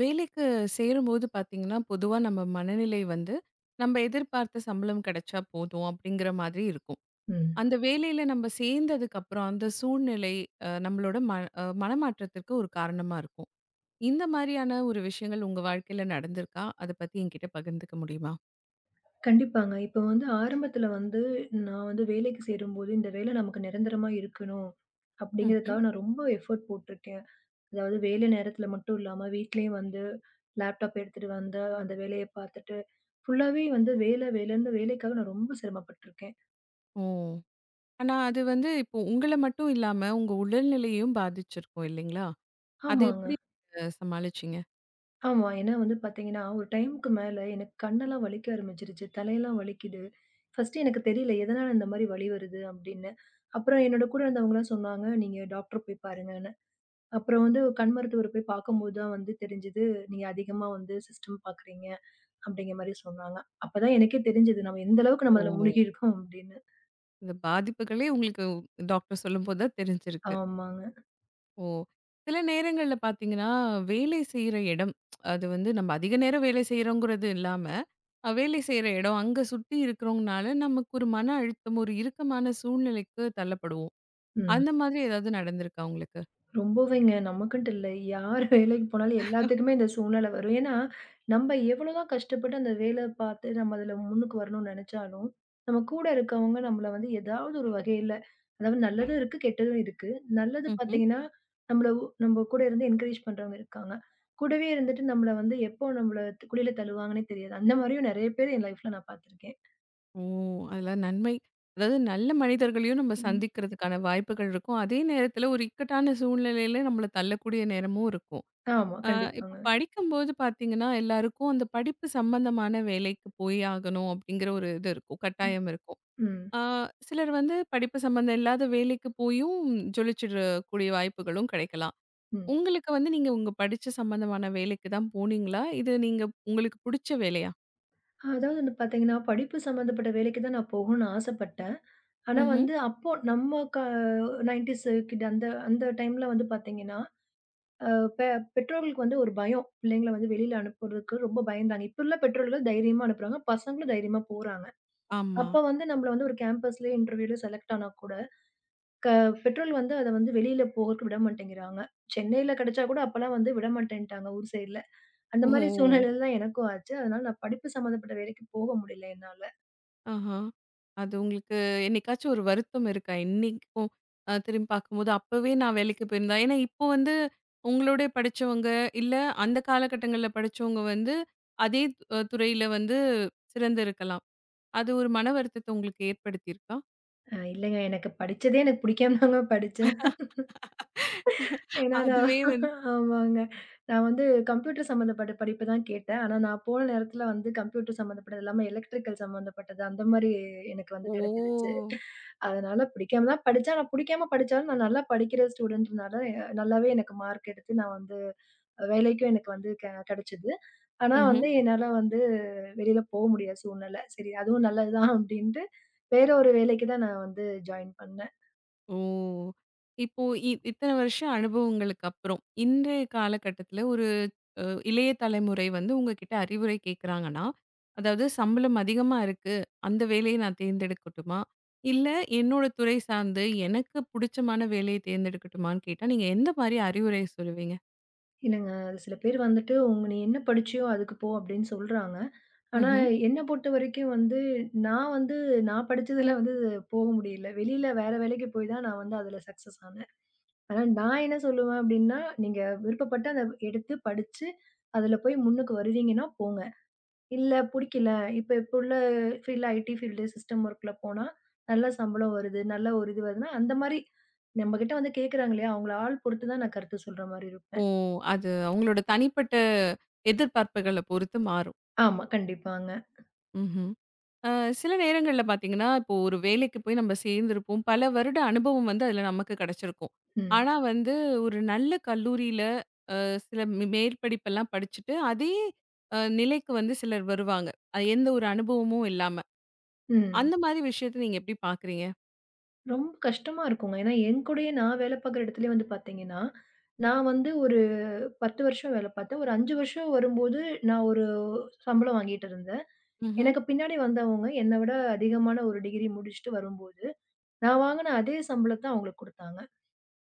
வேலைக்குச் சேரும்போது பார்த்தீங்கன்னா பொதுவா நம்ம மனநிலை வந்து நம்ம எதிர்பார்த்த சம்பளம் கிடைச்சா போதும் அப்படிங்கிற மாதிரி இருக்கும். ம். அந்த வேலைல நம்ம சேர்ந்ததுக்கு அப்புறம் அந்த சூழ்நிலை நம்மளோட மன மனமாற்றத்துக்கு ஒரு காரணமா இருக்கும். இந்த மாதிரியான ஒரு விஷயங்கள் உங்க வாழ்க்கையில நடந்திருக்கா? அத பத்தி என்கிட்ட பகிர்ந்துக்க முடியுமா? கண்டிப்பாங்க. இப்ப வந்து ஆரம்பத்துல வந்து நான் வந்து வேலைக்குச் சேரும்போது இந்த வேலை நமக்கு நிரந்தரமா இருக்கணும், ம்ஹ்ம். அப்படிங்கறதுக்காக நான் ரொம்ப எஃபர்ட் போட்டிருக்கேன். அதாவது வேலை நேரத்துல மட்டும் இல்லாம வீட்டிலயும் வந்து லேப்டாப் எடுத்துட்டு வந்து அந்த வேலைய பார்த்துட்டு ஃபுல்லாவே வந்து வேலை வேலைன்னு வேலைக்காக நான் ரொம்ப சிரமப்பட்டுருக்கேன். ஓ, ஆனா அது வந்து இப்போ உங்கள மட்டும் இல்லாம உங்க உடல்நிலையும் பாதிச்சிருக்கும் இல்லீங்களா? அதை ஆமாங்க. எப்படி நீங்க சமாளிச்சீங்க? ஆமா. ஏன்னா வந்து பார்த்தீங்கன்னா ஒரு டைம்க்கு மேல எனக்குக் கண்ணெல்லாம் வலிக்க ஆரம்பிச்சிருச்சு. தலையெல்லாம் வலிக்குது. ஃபர்ஸ்ட்டு எனக்குத் தெரியல எதனால இந்த மாரி வலி வருது அப்படின்னு. அப்புறம் என்னோட கூட இருந்தவங்க எல்லாம் சொன்னாங்க நீங்க டாக்டர் போய் பாருங்கன்னு. அப்புறம் வந்து ஒரு கண் மருத்துவர் போய் பார்க்கும்போது தான் வந்து தெரிஞ்சுது நீங்க அதிகமா வந்து சிஸ்டம் பார்க்குறீங்க அப்படிங்கற மாரி சொன்னாங்க. அப்பதான் எனக்கே தெரிஞ்சுது நாம எந்த அளவுக்கு நம்ம அதுல ஓ! மூழ்கி இருக்கோம் அப்படின்னு. இந்த பாதிப்புகளே உங்களுக்கு டாக்டர் சொல்லும்போது தான் தெரிஞ்சிருக்கு. ஆமாங்க. ஓ, சில நேரங்கள்ல பாத்தீங்கன்னா, வேலை செய்யுற இடம்! அது வந்து, நம்ம அதிக நேரம் வேலை செய்யுறோங்குறது இல்லாம, வேலை செய்யுற இடம் அங்க சுத்தி இருக்கறவங்குனால நமக்கு ஒரு மன அழுத்தம், ஒரு இறுக்கமான சூழ்நிலைக்குத் தள்ளப்படுவோம். ம். அந்த மாதிரி எதாவது நடந்திருக்கா உங்களுக்கு? ரொம்பவேங்க. நமக்குன்னுட்டு இல்ல. யார் வேலைக்கு போனாலும், எல்லாத்துக்குமே இந்த சூழ்நிலை வரும். என்னா நம்ம எவ்வளோ தான் கஷ்டப்பட்டு, அந்த வேலை பாத்து நம்ம அதுல முன்னுக்கு வரணும்னு நெனைச்சாலும், நம்ம கூட இருக்கவங்க நம்மள வந்து ஏதாவது ஒரு வகையில, அதாவது நல்லதும் இருக்கு, கெட்டதும் இருக்கு. நல்லது ம்ஹ்ம். பாத்தீங்கன்னா நம்மள நம்ம கூட இருந்து என்கரேஜ் பண்றவங்க இருக்காங்க. கூடவே இருந்துட்டு நம்மள வந்து எப்போ நம்மள குழில தழுவாங்கன்னே தெரியாது. அந்த மாரியும் நெறைய பேர் என் லைஃப்ல நான் பாத்திருக்கேன். ஓ, அதெல்லாம் நன்மை. அதாது நல்ல மனிதர்களையும் நம்ம ம். சந்திக்கறதுக்கான வாய்ப்புகள் இருக்கும். அதே நேரத்துல ஒரு இக்கட்டான சூழ்நிலையில நம்மள தள்ளக்கூடிய நேரமும் இருக்கும். ஆமா ஆ. கண்டிப்பாங்க. இப்ப படிக்கும்போது பாத்தீங்கன்னா, எல்லாருக்கும் அந்த படிப்பு சம்பந்தமான வேலைக்கு போய் ஆகணும் அப்படிங்கிற ஒரு இது இருக்கும், கட்டாயம் இருக்கும். ம். அ சிலரு வந்து படிப்பு சம்பந்த இல்லாத வேலைக்குப் போயும், ஜொலிச்சிறக்கூடிய வாய்ப்புகளும் கெடைக்கலாம். ம். உங்களுக்கு வந்து, நீங்க உங்க படிச்ச சம்பந்தமான வேலைக்குத் தான் போனீங்களா? இது, நீங்க உங்களுக்குப் புடிச்ச வேலையா? அதாவது வந்து பாத்தீங்கன்னா, படிப்பு சம்பந்தப்பட்ட வேலைக்குத்தான் நான் போகணும்னு ஆசைப்பட்டேன். ஆனா ம்ஹ்ம். வந்து அப்போ நம்ம க 90'ஸ் கிட்! அந்த அந்த டைம்ல வந்து பாத்தீங்கன்னா, அ பெ பெற்றோர்களுக்கு வந்து ஒரு பயம். பிள்ளைங்கள வந்து வெளியில அனுப்புறதுக்கு ரொம்ப பயந்தாங்க. இப்போ உள்ள பெற்றோர்கள் தைரியமா அனுப்புறாங்க. பசங்களும் தைரியமா போறாங்க. ஆமா. அப்ப வந்து, நம்மள வந்து ஒரு கேம்பஸ்லயே இன்டெர்வியூல செலெக்ட் ஆனாக்கூட பெற்றோர்கள் வந்து, அத வந்து வெளியில போகதுக்கு விட மாட்டேங்கிறாங்க. சென்னைல கெடைச்சாக்கூட அப்பல்லாம் வந்து விடமாட்டேன்டாங்க ஊர் சைடுல. அந்த மாதிரி ஹோ. சூழ்நிலைலதான் எனக்கும் ஆச்சு. அதுனால படிப்பு சம்பந்தப்பட்ட வேலைக்குப் போக முடியல என்னால. ஆஹா. அது, உங்களுக்கு என்னைக்காச்சு ஒரு வருத்தம் இருக்கா? இன்னிக்கும் அ திரும்பிப் பாக்கும்போது. அப்பவே நான் வேலைக்குப் போயிருந்தா ஏனா, இப்போ வந்து உங்களோடே படிச்சவங்க, இல்ல அந்த கால கட்டங்கள்ல படிச்சவங்க வந்து, அதே துறையில வந்து சிறந்து இருக்கலாம். அது ஒரு மனவருத்தத்த உங்களுக்கு ஏற்படுத்தியிருக்கா? அ இல்லைங்க. எனக்குப் படிச்சதே எனக்குப் புடிக்காமதாங்க படிச்சேன். ஏன்னா நான். அதுவே வந்து ஆமாங்க. நான் வந்து கம்ப்யூட்டர் சம்பந்தப்பட்ட படிப்பு தான் கேட்டேன். ஆனா, நான் போன நேரத்துல வந்து கம்ப்யூட்டர் சம்பந்தப்பட்டது இல்லாம எலெக்ட்ரிக்கள் சம்பந்தப்பட்ட அந்த மாரி எனக்கு வந்து ஓ. கெடைச்சிருச்சு. அதுனால பிடிக்காமதான் படிச்சேன். ஆனா பிடிக்காம படிச்சாலும் நான் நல்லா படிக்கிற ஸ்டூடண்ட்னால நல்லாவே எனக்கு மார்க் எடுத்து நான் வந்து வேலைக்கும் எனக்கு வந்து கெ கெடைச்சுது. ஆனா ம்ஹ்ம். வந்து, என்னால வந்து வெளியில போக முடியாத சூழ்நெலை. சரி அதுவும் நல்லது தான் அப்டின்னுட்டு வேற ஒரு வேலைக்குத் தான் நான் வந்து ஜாயின் பண்ண. ஓ. இப்போ இ இத்தன வருஷம் அனுபவங்களுக்கு அப்புறம், இன்றைய கால கட்டத்துல ஒரு அ இளைய தலைமுறை வந்து உங்ககிட்ட அறிவுரை கேக்குறாங்கன்னா, அதாவது சம்பளம் அதிகமா இருக்கு, அந்த வேலைய நான் தேர்ந்தெடுக்குட்டுமா? இல்ல என்னோட துறை சார்ந்து எனக்குப் புடிச்சமான வேலைய தேர்ந்தெடுக்குட்டுமான்னு கேட்டா, நீங்க எந்த மாரி அறிவுரை சொல்லுவீங்க? இல்லங்க. சில பேர் வந்துட்டு, உங்க நீ என்ன படிச்சியோ அதுக்கு போ அப்டின்னு சொல்றாங்க. ஆனா ம்ஹ்ம். என்ன பொறுத்தவரைக்கும் வந்து, நான் வந்து நான் படிச்சதில வந்து போக முடியல. வெளியில வேற வேலைக்குப் போய்தான் நான் வந்து அதுல சக்ஸஸ் ஆனேன். ஆனா, நான் என்ன சொல்லுவன் அப்படின்னா, நீங்க விருப்பப்பட்ட எடுத்துப் படிச்சு, அதுல போய் முன்னுக்கு வருவீங்கன்னா, போங்க! இல்ல புடிக்கல. இப்ப எப்போ உள்ள ஃபீல்ட் ஐடி ஃபீல்ட் சிஸ்டம் ஒர்க்ல போனா நல்ல சம்பளம் வருது. நல்ல ஒரு இது வருதுனா, அந்த மாரி நம்மகிட்ட வந்து கேக்குறாங்களே, அவங்கள ஆள் பொறுத்துதான் நான் கருத்து சொல்ற மாரி ஓ, இருப்பேன். அது அவங்களோட தனிப்பட்ட எதிர்பார்ப்புகள பொறுத்து மாறும். ஆமா கண்டிப்பாங்க. ம்ஹ்ம். அ சில நேரங்கள்ல பாத்தீங்கன்னா, இப்போ ஒரு வேலைக்கு போய், நம்ம சேர்ந்துருப்போம். பல வருட அனுபவம் வந்து, அதுல நமக்குக் கெடைச்சிருக்கும். ம். ஆனா வந்து, ஒரு நல்ல கல்லூரியில அ சில மே மேற்படிப்புலாம் படிச்சிட்டு, அதே நிலைக்கு வந்து சிலர் வருவாங்க. அது எந்த ஒரு அனுபவமும் இல்லாம, ம். அந்த மாரி விஷயத்தை நீங்க எப்படி பாக்குறீங்க? ரொம்ப கஷ்டமா இருக்கும்ங்க. ஏன்னா என் கூடயே நான் வேல பார்க்கற இடத்திலேயே வந்து பார்த்தீங்கன்னா, நான் வந்து ஒரு 10 வருஷம் வேல பார்த்தேன். ஒரு 5 வருஷம் வரும்போது நான் ஒரு சம்பளம் வாங்கிட்டு இருந்தேன். ம்ஹ்ம். எனக்குப் பின்னாடி வந்தவங்க என்னைவிட அதிகமான ஒரு டிகிரி முடிச்சிட்டு வரும்போது நான் வாங்குன அதே சம்பளத்த அவங்களுக்கு குடுத்தாங்க.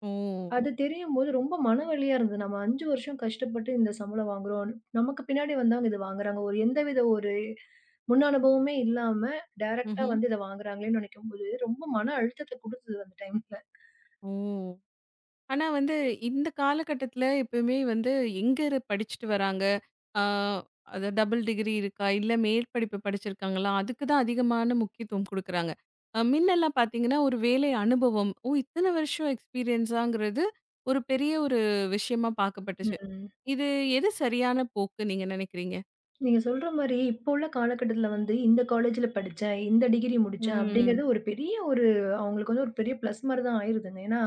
ஓ. அது தெரியும்போது ரொம்ப மனவலியா இருந்தது. நம்ம 5 வருஷம் கஷ்டப்பட்டு இந்தச் சம்பளம் வாங்குறோம்னு நமக்குப் பின்னாடி வந்தவங்க இது வாங்குறாங்க. ஒரு எந்த வித ஒரு முன்னனுபவமே இல்லாம டைரக்ட்டா ம்ஹ்ம். வந்து இத வாங்குறாங்களேன்னு நெனைக்கும்போது ரொம்ப மன அழுத்தத்த குடுத்தது அந்த டைம்ல. ஓ. ஆனா வந்து இந்தக் கால கட்டத்துல எப்பவுமே வந்து எங்க ரு படிச்சிட்டு வராங்க? ஆ அது டபுள் டிகிரி இருக்கா இல்ல மேற்படிப்பு படிச்சிருக்காங்களா? அதுக்கு தான் அதிகமான முக்கியத்துவம் குடுக்குறாங்க. அ முன்ன எல்லாம் பார்த்தீங்கன்னா ஒரு வேலை அனுபவம், ஓ இத்தன வருஷம் எக்ஸ்பீரியன்ஸாங்கறது ஒரு பெரிய ஒரு விஷயமா பார்க்கப்பட்டுச்சு. ம். இது எது சரியான போக்கு நீங்க நெனைக்கிறீங்க? நீங்கச் சொல்ற மாரி இப்போ உள்ள காலகட்டத்துல வந்து இந்த காலேஜ்ல படிச்சேன், இந்த டிகிரி முடிச்சேன் ம். அப்டிங்கிறது ஒரு பெரிய ஒரு அவங்களுக்கு ஒரு பெரிய பிளஸ் மாரிதான் ஆயிருதுங்க. ஏன்னா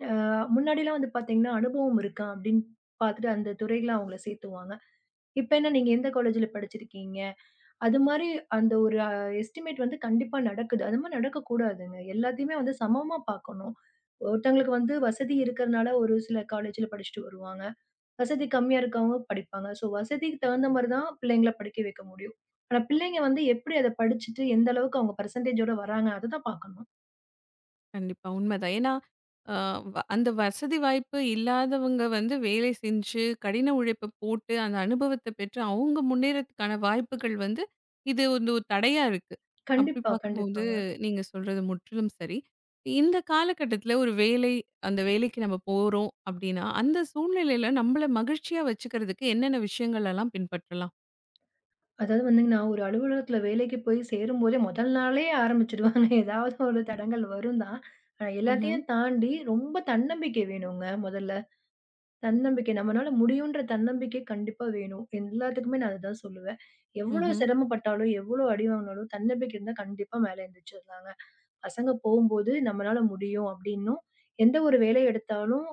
ஆ முன்னாடிலாம் வந்து பார்த்தீங்கன்னா, அனுபவம் இருக்கா அப்டின்னு பாத்துட்டு அந்தத் துறையில அவங்கள சேர்த்துவாங்க. இப்ப என்ன நீங்க எந்த காலேஜ்ல படிச்சிருக்கீங்க? அது மாரி அந்த ஒரு எஸ்ட்டிமேட் வந்து கண்டிப்பா நடக்குது. அது மாரி நடக்கக் கூடாதுங்க. எல்லாத்தையுமே வந்து சமமா பார்க்கணும். ஒருத்தங்களுக்கு வந்து வசதி இருக்கிறதுனால ஒரு சில காலேஜ்ல படிச்சுட்டு வருவாங்க. வசதி கம்மியா இருக்கவங்க படிப்பாங்க. சோ வசதிக்கு தகுந்த மாரிதான் பிள்ளைங்கள படிக்க வைக்க முடியும். ஆனா பிள்ளைங்க வந்து எப்டி அத படிச்சுட்டு எந்த அளவுக்கு அவங்க பர்சென்டேஜ் ஓட வர்றாங்க அதத்தான் பார்க்கணும். கண்டிப்பா உண்மைதான். ஏன்னா அ அந்த வசதி வாய்ப்பு இல்லாதவங்க வந்து வேலை செஞ்சு கடின உழைப்பு போட்டு அந்த அனுபவத்தைப் பெற்று அவங்க முன்னேறுதற்கான வாய்ப்புகள் வந்து இது, உ ஒரு தடையாக இருக்கு. அப்படி கண்டிப்பா, பார்க்கும்போது கண்டிப்பாங்க. நீங்கச் சொல்றது முற்றிலும் சரி. இந்தக் காலகட்டத்துல ஒரு வேலை அந்த வேலைக்கு நாம போறோம் அப்படின்னா அந்தச் சூழ்நிலையில நம்மள மகிழ்ச்சியா வச்சுக்கிறதுக்கு என்னென்ன விஷயங்களை எல்லாம் பின்பற்றலாம்? அதாவது வந்து நான் ஒரு அலுவலகத்தில வேலைக்குச் போய் சேரும்போதே முதல் நாளே ஆரம்பிச்சுடுவாங்க. ஏதாவது ஒரு தடங்கல் வரும் தான். ஆனா ம்ஹ்ம். எல்லாத்தையும் தாண்டி ரொம்ப தன்னம்பிக்கை வேணுங்க முதல்ல. தன்னம்பிக்கை. நம்மளால முடியும்ன்ற தன்னம்பிக்கை கண்டிப்பா வேணும். எல்லாத்துக்குமே நான் அதைத்தான் சொல்லுவேன். எவ்ளோ ம்ஹ்ம். சிரமம் பட்டாலும், எவ்ளோ அடி வாங்குனாலும் தன்னம்பிக்கை இருந்தா கண்டிப்பா மேல எழுந்திருச்சுடலாங்க. பசங்க போம்போது நம்மளால முடியும் அப்படின்னும் எந்த ஒரு வேலை எடுத்தாலும்,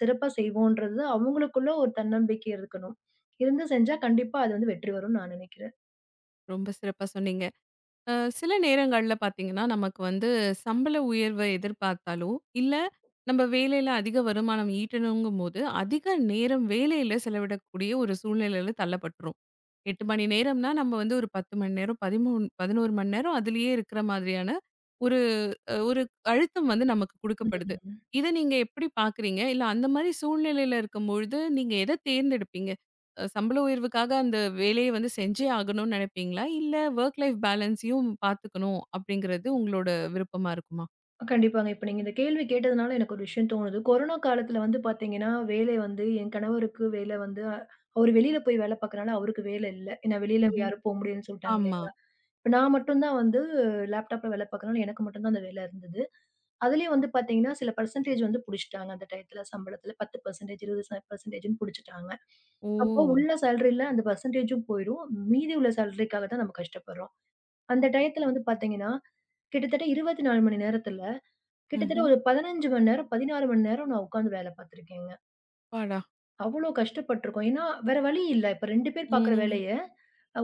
சிறப்பாகச் செய்வோம்ன்றது அவங்களுக்குள்ள ஒரு தன்னம்பிக்கை இருக்கணும். இருந்து செஞ்சா கண்டிப்பா அதுல வந்து வெற்றி வரும்னு நான் நினைக்கிறேன். ரொம்ப சிறப்பா சொன்னீங்க. அ சில நேரங்கள்ல பாத்தீங்கன்னா நமக்கு வந்து சம்பள உயர்வை எதிர்பார்த்தாலும் இல்ல நம்ம வேலையில அதிக வருமானம் ஈட்டணும்ங்கும்போது அதிக நேரம் வேலையில செலவிடக்கூடிய ஒரு சூழ்நிலையில தள்ளப்பட்டுரும். 8 மணி நேரம்னா நம்ம வந்து ஒரு 10 மணி நேரம் 13 11 மணி நேரம் அதுலயே இருக்கிற மாதிரியான ஒரு ஒரு அழுத்தம் வந்து நமக்குக் கொடுக்கப்படுது. [unintelligible] இதை நீங்க எப்படி பார்க்குறீங்க? இல்ல அந்த மாதிரிச் சூழ்நிலையில இருக்கும்போது நீங்க எத தேர்ந்தெடுப்பீங்க? அ, சம்பள உயர்வுக்காக அந்த வேலைய வந்து செஞ்சு ஆகணும்னு நினைப்பீங்களா? இல்ல வொர்க் லைஃப் பேலன்ஸ்யும் பாத்துக்கணும் அப்படிங்கறது உங்களோட விருப்பமா இருக்குமா? கண்டிப்பாங்க. இப்ப நீங்க இந்த கேள்வி கேட்டதுனால, எனக்கு ஒரு விஷயம் தோணுது. கொரோனா காலத்துல வந்து பாத்தீங்கன்னா, வேலை வந்து என் கணவருக்கு வேல வந்து அ அவரு வெளியில போய் வேல பாக்கிறனால, அவருக்கு வேல இல்ல. ஏன்னா வெளியில ம்ஹ்ம். யாரும் போ முடியாதுன்னு சொல்லிட்டாங்க ஆமா. இல்லைங்களா? நான் மட்டும்தான் வந்து லேப்டாப்ல வேல பாக்கிறனால, எனக்கு மட்டும்தான் அந்த வேல இருந்தது. அதுலயும் வந்து பாத்தீங்கன்னா சில பெர்ஸண்டேஜ் வந்து புடிச்சிட்டாங்க, அந்த டைம்ல சம்பளத்துல 10% 20% புடிச்சிட்டாங்க. அப்போ ஓ. உள்ள சாலரி அந்த பெர்ஸன்டேஜும் போயிரும். மீதி உள்ள சாலரிக்காக தான் நாம கஷ்டப்படுறோம். அந்த டையத்துல வந்து பாத்தீங்கன்னா, கிட்டத்தட்ட 24 மணி நேரத்துல, கிட்டத்தட்ட ம்ஹ்ம். ஒரு 15 மணி நேரம், 16 மணி நேரம் நான் உட்கார்ந்து வேல பார்த்திருக்கேங்க. அப்பாடா! அவ்ளோ கஷ்டப்பட்டிருக்கோம். ஏன்னா வேற வழி இல்ல. இப்ப 2 பேர் பார்க்கிற ம். வேலைய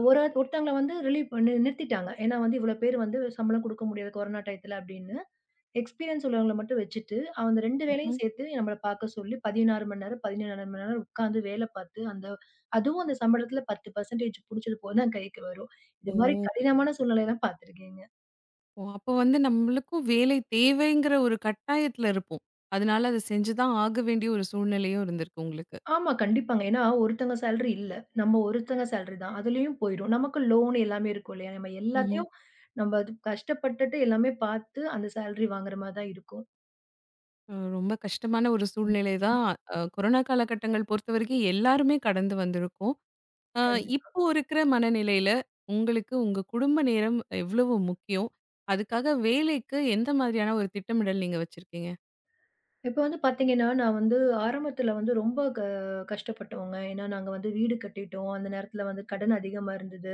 ஒரு ஒருத்தங்கள வந்து ரிலீவ் பண்ணி நிறுத்திட்டாங்க. ஏன்னா வந்து இவ்ளோ பேர் வந்து சம்பளம் குடுக்க முடியாது கொரோனா டைத்தில அப்படின்னு. எஸ்பிரியன்ஸ் உள்ளவங்கள மட்டும் வச்சிட்டு அந்த 2 வேலையும் ம்ஹ்ம். சேர்த்து நம்மள பாக்கச்சொல்லி 16 மணி நேரம், 17 மணி நேரம் உட்கார்ந்து வேலை பாத்து அந்த அதுவும் அந்த சம்பளத்துல 10% புடிச்சது போகத்தான் கைக்கு வரும். இது மாரி ஓ. கடினமான சூழ்நிலை எல்லாம் பாத்திருக்கேங்க. ஓ, அப்போ வந்து, நம்மளுக்கும் வேலை தேவைங்கிற ஒரு கட்டாயத்துல இருப்போம். அதுனால அதை செஞ்சுதான் ஆகவேண்டிய, ஒரு சூழ்நிலையும் இருந்திருக்கு உங்களுக்கு. ஆமா, கண்டிப்பாங்க. ஏன்னா ஒருத்தங்க சாலரி இல்ல. நம்ம ஒருத்தங்க சாலரி தான். அதுலயும் போயிடும். நமக்கு லோன் எல்லாமே இருக்கும் இல்லையா? நம்ம ம்ஹ்ம். எல்லாத்தையும் நம்ம கஷ்டப்பட்டுட்டு எல்லாமே பார்த்து அந்த சாலரி வாங்குற மாரிதான் இருக்கும். அ ரொம்ப கஷ்டமான ஒரு சூழ்நெலைதான். அ கொரோனா காலகட்டங்கள் பொறுத்தவரைக்கும் எல்லாருமே கடந்து வந்துருக்கோம். அ கண்டிப்பா. இப்போ இருக்குற மனநிலையில உங்களுக்கு உங்க குடும்ப நேரம் எவ்வளவு முக்கியம்? அதுக்காக வேலைக்கு எந்த மாரியான ஒரு திட்டமிடல் நீங்க வச்சிருக்கீங்க? இப்ப வந்து பாத்தீங்கன்னா, நான் வந்து ஆரம்பத்துல வந்து ரொம்ப க கஷ்டப்பட்டோங்க. ஏன்னா நாங்க வந்து வீடு கட்டிட்டோம். அந்த நேரத்துல வந்து கடன் அதிகமா இருந்தது.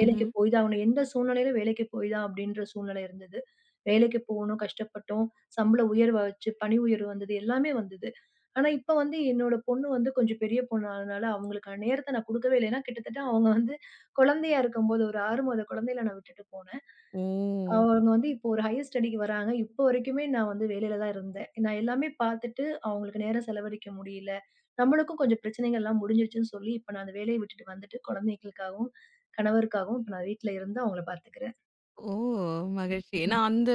ம்ஹ்ம். போய்தான் ஆகணும். எந்தச் சூழ்நிலையிலும் வேலைக்குப் போய்தான் அப்டின்ற சூழ்நிலை இருந்தது. வேலைக்குப் போனோம், கஷ்டப்பட்டோம். சம்பள உயர்வு வச்சு பணி உயர்வு வந்தது, எல்லாமே வந்தது. ஆனா, இப்ப வந்து என்னோட பொண்ணு வந்து கொஞ்சம் பெரிய பொண்ணு ஆனனால அவங்களுக்கான நேரத்த நான் கோடுக்கவேல்ல ஏன்னா கிட்டத்தட்ட அவங்க வந்து குழந்தையா இருக்கும்போது ஒரு 6 மாதம் குழந்தையில நான் விட்டுட்டு போனேன். அ ஓ! அவங்க வந்து இப்ப ஒரு ஹையர் ஸ்டடிக்கு வராங்க. இப்ப வரைக்குமே நான் வந்து வேலையிலதான் இருந்தேன். நான் எல்லாமே பாத்துட்டு அவங்களுக்கு நேரம் செலவழிக்க முடியல. நம்மளுக்கும் கொஞ்சம் பிரச்சனைகள்லாம் முடிஞ்சுச்சுன்னு சொல்லி இப்ப நான் அந்த வேலைய விட்டுட்டு வந்துட்டு குழந்தைக்குக்காகவும், கணவருக்காகவும் நான் வீட்ல இருந்து அவங்கள பாத்துக்குறேன். ஓ! மகிழ்ச்சி. ஏன்னா அந்த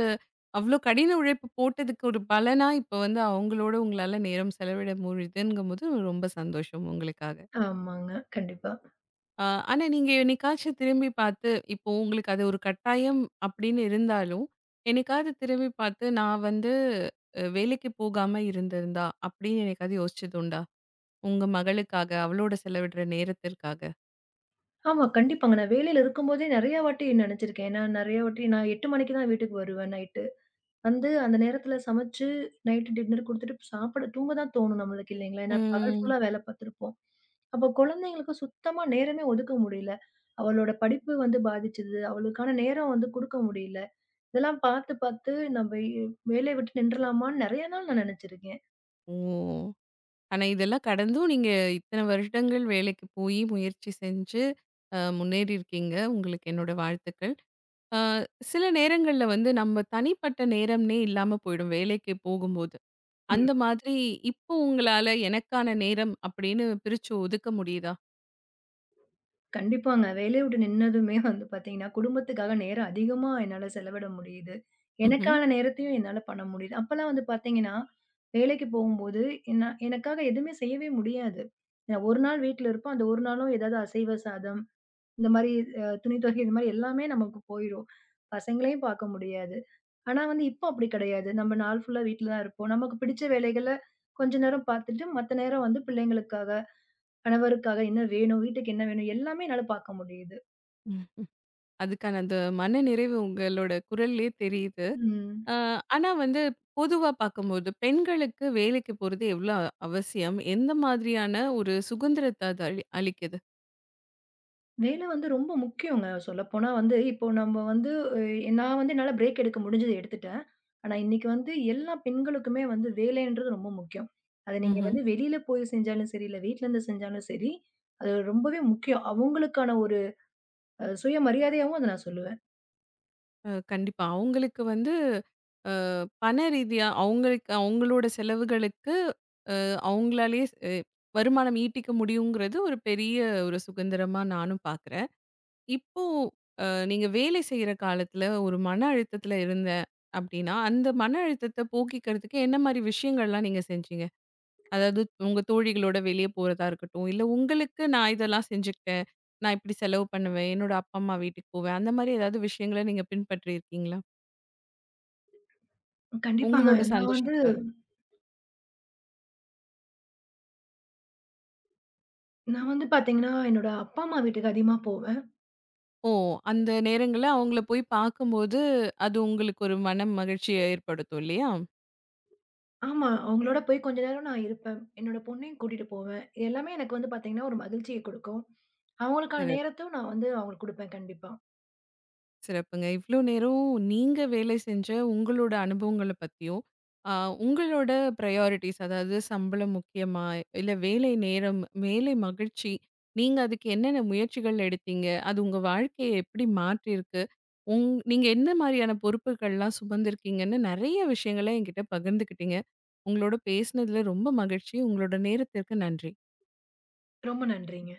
அவ்ளோ கடின உழைப்பு போட்டதுக்கு ஒரு பலனா இப்ப வந்து அவங்களோட உங்களால நேரம் செலவிட முடியுதுங்கும்போது ரொம்ப சந்தோஷம் உங்களுக்காக. ஆமாங்க, கண்டிப்பா. அ ஆனா நீங்க என்னைக்காச்சு திரும்பிப் பார்த்து இப்போ உங்களுக்கு அது ஒரு கட்டாயம் அப்படின்னு இருந்தாலும் என்னைக்காவது திரும்பிப் பார்த்து நான் வந்து அ வேலைக்கு போகாம இருந்திருந்தா? அப்படின்னு என்னைக்காவது யோசிச்சது உண்டா? உங்க மகளுக்காக அவளோட செலவிடுற நேரத்திற்காக. ஆமா, கண்டிப்பாங்க. நான் வேலையில இருக்கும்போதே நெறைய வாட்டி நினைச்சிருக்கேன். ஏன்னா நிறைய வாட்டி நான் 8:00 மணிக்குத்தான் வீட்டுக்கு வருவேன் நைட். வந்து அந்த நேரத்துல சமைச்சு நைட் டின்னர் குடுத்திட்டு சாப்பிட தூங்க தான் தோணும் நம்மளுக்கு இல்லைங்களா? ஏன்னா பகல் ஃபுல்லா ம். வேலை பார்த்திருப்போம். அப்போ குழந்தைகளுக்குச் சுத்தமா நேரமே ஒதுக்க முடியல. அவளோட படிப்பு வந்து பாதிச்சது. அவளுக்கான நேரம் வந்து கொடுக்க முடியல. இதெல்லாம் பாத்து பாத்து நம்ப வேலைய விட்டு நின்றலாமான்னு நெறைய நாள் நான் நினைச்சிருக்கேன். ஓ! ஆனா இதெல்லாம் கடந்தும் நீங்க இத்தனை வருடங்கள் வேலைக்கு போயி முயற்சி செஞ்சு அ முன்னேறி இருக்கீங்க. உங்களுக்கு என்னோட வாழ்த்துக்கள். அ சில நேரங்கள்ல வந்து நம்ம தனிப்பட்ட நேரம்னே இல்லாம போயிடும் வேலைக்கு போகும்போது. ம். அந்த மாதிரி இப்போ உங்களால எனக்கான நேரம் அப்படின்னு பிரிச்சு ஒதுக்க முடியுதா? கண்டிப்பாங்க. வேலையை விட்டு நின்னதுமே வந்து பார்த்தீங்கன்னா குடும்பத்துக்காக நேரம் அதிகமா என்னால செலவிட முடியுது. ம்ஹ்ம். எனக்கான நேரத்தையும் என்னால பண்ண முடியுது. அப்பெல்லாம் வந்து பார்த்தீங்கன்னா வேலைக்குப் போகும்போது நான் எனக்காக எதுவுமே செய்யவே முடியாது. நான் ஒரு நாள் வீட்ல இருப்போம். அந்த ஒரு நாளும் ஏதாவது அசைவ சாதம் இந்த மாரி துணி துவைக்க இந்த மாதிரி எல்லாமே நமக்குப் போயிடும். பசங்களையும் பார்க்க முடியாது. ஆனா வந்து இப்ப அப்படி கிடையாது. நம்ம நாள் ஃபுல்லா வீட்ல தான் இருப்போம். நமக்குப் பிடிச்ச வேலைகள்ல கொஞ்ச நேரம் பார்த்துட்டு மத்த நேரம் வந்து பிள்ளைங்களுக்காக, கணவருக்காக என்ன வேணும், வீட்டுக்கு என்ன வேணும் எல்லாமே என்னால பார்க்க முடியுது. அதுக்கான அந்த மனநிறைவு உங்களோட குரல்லே தெரியுது. ம். அ ஆனா வந்து பொதுவா பார்க்கும்போது பெண்களுக்கு வேலைக்கு போறது எவ்வளவு அவசியம்? எந்த மாதிரியான ஒரு சுகந்திரத்த அது அ அளிக்குது? வேல வந்து ரொம்ப முக்கியோங்க சொல்லப்போனா வந்து இப்போ நம்ம வந்து நான் வந்து என்னால பிரேக் எடுக்க முடிஞ்சது எடுத்துட்டேன். ஆனா இன்னைக்கு வந்து எல்லா பெண்களுக்கும் வந்து வேலைன்றது ரொம்ப முக்கியம். அத நீங்க ம்ஹ்ம். வந்து வெளியில போய் செஞ்சாலும் சரி இல்ல வீட்டிலருந்து செஞ்சாலும் சரி அது ரொம்பவே முக்கியம். அவங்களுக்கான ஒரு அ சுயமரியாதையாவும் அத நான் சொல்லுவேன். அ கண்டிப்பா அவங்களுக்கு வந்து ஆ பணரீதியா அவங்களுக்கு அவங்களோட செலவுகளுக்கு அ அவங்களாலயே அ வருமானம் ஈட்டிக்க முடியும்ங்கறது ஒரு பெரிய ஒரு சுகந்திரமா நானும் பார்க்குறேன். இப்போ அ நீங்க வேலை செய்ற காலத்துல ஒரு மன அழுத்தத்துல இருந்தேன் அப்டின்னா அந்த மன அழுத்தத்த போக்கிக்கறதுக்கு என்ன மாரி விஷயங்கள்லாம் நீங்கச் செஞ்சீங்க? அதாவது உங்க தோழிகளோட வெளிய போறதா இருக்கட்டும், இல்ல உங்களுக்கு நான் இதெல்லாம் செஞ்சிக்குட்டேன், நான் இப்டி செலவு பண்ணுவேன், என்னோட அப்பா அம்மா வீட்டுக்குப் போவேன் அந்த மாரி ஏதாவது விஷயங்கள நீங்கப் பின்பற்றி இருக்கீங்களா? கண்டிப்பாங்க. உங்களோட நான் வந்து சந்தோஷத்துக்காக? நான் வந்து பார்த்தீங்கன்னா என்னோட அப்பா அம்மா வீட்டுக்கு அதிகமா போவேன். ஓ! அந்த நேரங்கள்ல அவங்களை போய்ப் பார்க்கும்போது அது உங்களுக்கு ஒரு மன மகிழ்ச்சியை ஏற்படுத்தும் இல்லையா? ஆமா. அவங்களோட போய் கொஞ்ச நேரம் நான் இருப்பேன். என்னோட பொண்ணையும் கூட்டிட்டு போவேன். எல்லாமே எனக்கு வந்து பார்த்தீங்கன்னா ஒரு மகிழ்ச்சியை குடுக்கும். அவங்களுக்கான [unintelligible] நேரத்தையும் நான் வந்து அவங்களுக்கு குடுப்பேன் கண்டிப்பா. சிறப்புங்க. இவ்ளோ நேரமும் நீங்க வேலை செஞ்ச உங்களோட அனுபவங்களப் பத்தியும், அ உங்களோட ப்ரியாரிட்டீஸ் அதாவது சம்பளம் முக்கியமா இல்ல வேலை நேரம், வேலை மகிழ்ச்சி, நீங்க அதுக்கு என்னென்ன முயற்சிகள் எடுத்தீங்க, அது உங்க வாழ்க்கையை எப்டி மாற்றியிருக்கு, உங் நீங்க எந்த மாரியான பொறுப்புகள்லாம் சுமந்திருக்கீங்கன்னு நெறைய விஷயங்கள என்கிட்ட பகிர்ந்துக்கிட்டீங்க. உங்களோட பேசனதுல ரொம்ப மகிழ்ச்சி. உங்களோட நேரத்திற்கு நன்றி. ரொம்ப நன்றிங்க.